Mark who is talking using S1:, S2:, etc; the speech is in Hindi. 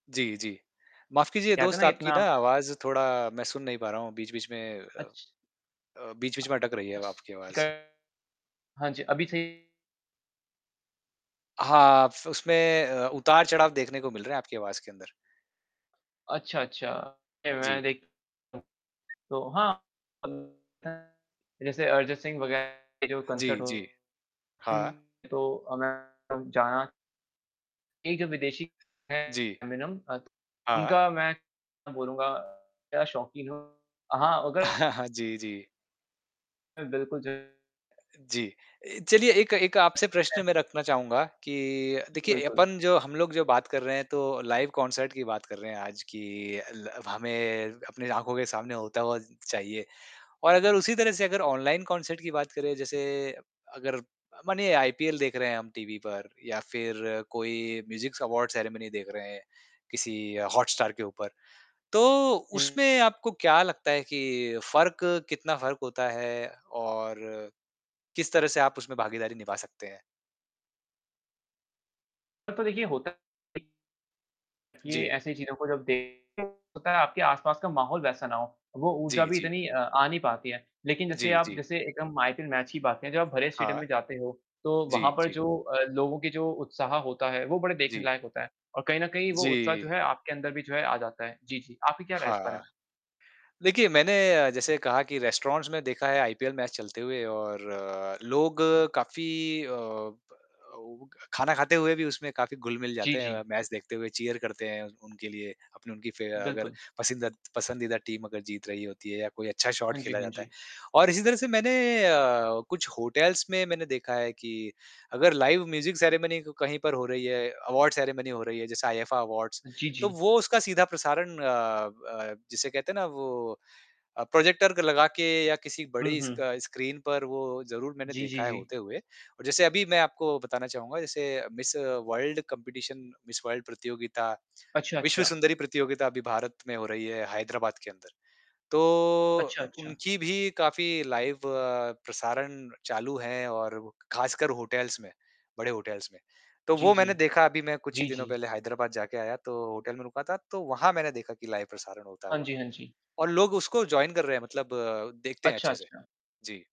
S1: जी, जी। माफ कीजिए
S2: कहते ना
S1: दोस्त आपकी
S2: इतना
S1: ना आवाज़ थोड़ा मैं सुन नहीं पा रहा हूँ बीच-बीच में अ
S2: अच्छा।
S1: अ, बीच-बीच में अटक रही है अब आपकी आवाज़।
S2: [unintelligible] हाँ जी, अभी सही है?
S1: हाँ, फ उसमें अ, उतार-चढ़ाव देखने को मिल रहे हैं आपकी आवाज़ के अंदर।
S2: अच्छा, अच्छा। नहीं, मैंने
S1: जी।
S2: देख [unintelligible] तो हाँ [unintelligible] जैसे अरिजीत सिंह वगैरह के जो कॉन्सर्ट
S1: जी,
S2: हो
S1: जी। हाँ।
S2: कहीं तो अ, मैं जाना एक जो विदेशी है
S1: जी।
S2: अमिनम अ, तो
S1: हाँ।
S2: उनका मैं बोलूँगा क्या शौकीन है। हाँ, मगर
S1: जी, जी।
S2: है बिल्कुल, जो
S1: अ, जी। ए चलिए एक एक आपसे प्रश्न मैं
S2: [unintelligible]
S1: रखना चाहूँगा कि देखिए
S2: बिल्कुल।
S1: अपन जो हम लोग जो बात कर रहे हैं तो लाइव कॉन्सर्ट की बात कर रहे हैं आज कि ल हमें अपने आँखों के सामने होता हुआ चाहिए। और अगर उसी तरह से अगर ऑनलाइन कॉन्सर्ट की बात करें। जैसे अगर अ, मानिए आईपीएल देख रहे हैं हम टीवी पर या फ़िर कोई म्यूज़िक्स अवॉर्ड सेरेमनी देख रहे हैं किसी हॉटस्टार के ऊपर। तो
S2: हुँ।
S1: उसमें आपको क्या लगता है कि फ़र्क कितना फ़र्क होता है और किस तरह से आप उसमें भागीदारी निभा सकते हैं?
S2: तो देखिए, होता है कि
S1: जी।
S2: ऐसी चीज़ों को जब देखते हैं, होता है आपके आस-पास का माहौल वैसा ना हो। वो ऊर्जा
S1: जी,
S2: भी
S1: जी।
S2: इतनी अ, आ नहीं पाती है। लेकिन
S1: अ,
S2: जैसे
S1: जी,
S2: आप
S1: जी।
S2: जैसे एकदम आईपीएल मैच की बात करें। जब आप भरे स्टेडियम
S1: हाँ।
S2: में जाते हो तो
S1: जी,
S2: वहाँ पर
S1: जी।
S2: जो अ, लोगों के जो उत्साह होता है वो बड़े देखने
S1: जी।
S2: लायक होता है, और कहीं न कहीं वो उत्साह जो
S1: जी।
S2: है आपके अंदर भी जो है आ जाता है। जी, जी, आपकी क्या राय है इस बारे
S1: हाँ।
S2: में?
S1: देखिए मैंने जैसे कहा कि रेस्टोरेंट्स में देखा है आईपीएल मैच चलते हुए और लोग काफ़ी अ, खाना खाते हुए भी उसमें काफ़ी घुल-मिल
S2: जी,
S1: जाते
S2: जी।
S1: हैं। मैच देखते हुए चीयर करते हैं उनके लिए अपनी उनकी फे अगर
S2: बिल्कुल।
S1: पसिंदद पसंदीदा टीम अगर जीत रही होती है या कोई अच्छा शॉट
S2: हाँ जी,
S1: खेला
S2: हाँ
S1: जाता है।
S2: जी।
S1: और इसी तरह से मैंने अ, कुछ होटल्स में मैंने देखा है कि अगर लाइव म्यूज़िक सेरेमनी कहीं पर हो रही है, अवॉर्ड सेरेमनी हो रही है। जैसे आईफा अवॉर्ड्स
S2: हाँ, जी,
S1: तो
S2: जी।
S1: वो उसका सीधा प्रसारण अ अ, जिसे कहते हैं ना वो अ, प्रॉजेक्टर लगा के या किसी
S2: हुँ,
S1: बड़ी स्क
S2: हुँ।
S1: स्क्रीन पर वो ज़रूर मैंने
S2: जी, जी,
S1: देखा है
S2: जी।
S1: होते हुए। और जैसे अभी मैं आपको बताना चाहूँगा जैसे miss world competition miss world प्रतियोगिता,
S2: अच्छा,
S1: विश्व
S2: अच्छा।
S1: सुंदरी प्रतियोगिता अभी भारत में हो रही है हैदराबाद के अंदर। तो
S2: अच्छा, अच्छा।
S1: उनकी भी काफ़ी लाइव प्रसारण चालू है और खासकर होटल्स में बड़े होटल्स में। तो
S2: जी,
S1: वो
S2: जी।
S1: मैंने देखा अभी मैं कुछ ही
S2: जी,
S1: दिनों
S2: जी।
S1: पहले हैदराबाद जा के आया तो होटल में रुका था, तो वहाँ मैंने देखा कि लाइव प्रसारण होता
S2: हाँ
S1: हुआ
S2: जी, हाँ जी।
S1: और लोग उसको जॉइन कर रहे हैं मतलब देखते हैं
S2: अच्छा,
S1: अच्छे से।
S2: अच्छा।
S1: जी।